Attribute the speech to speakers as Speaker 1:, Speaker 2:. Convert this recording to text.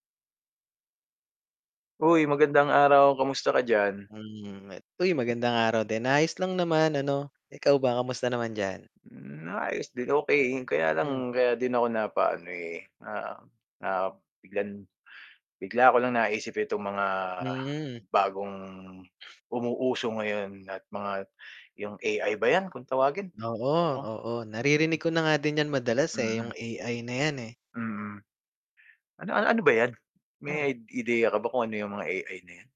Speaker 1: Hoy magandang araw, kamusta ka diyan?
Speaker 2: Hmm [unintelligible] uy magandang araw din. Ayos lang naman ano, ikaw ba kamusta naman diyan?
Speaker 1: Hmm, ayos din okey 'yun, kaya lang
Speaker 2: Mhm.
Speaker 1: kaya din ako napaano, eh, na na biglang bigla ko lang naisip itong mga
Speaker 2: Hmm.
Speaker 1: bagong umuuuso ngayon at mga 'yung AI ba 'yan kung tawagin?
Speaker 2: Oo,
Speaker 1: Mm.
Speaker 2: oo, naririnig ko na nga din 'yan madalas, eh,
Speaker 1: Mm.
Speaker 2: 'yung AI na 'yan eh.
Speaker 1: Mm. Ano ano ba 'yan? May ideya ka ba kung ano 'yung mga AI na 'yan?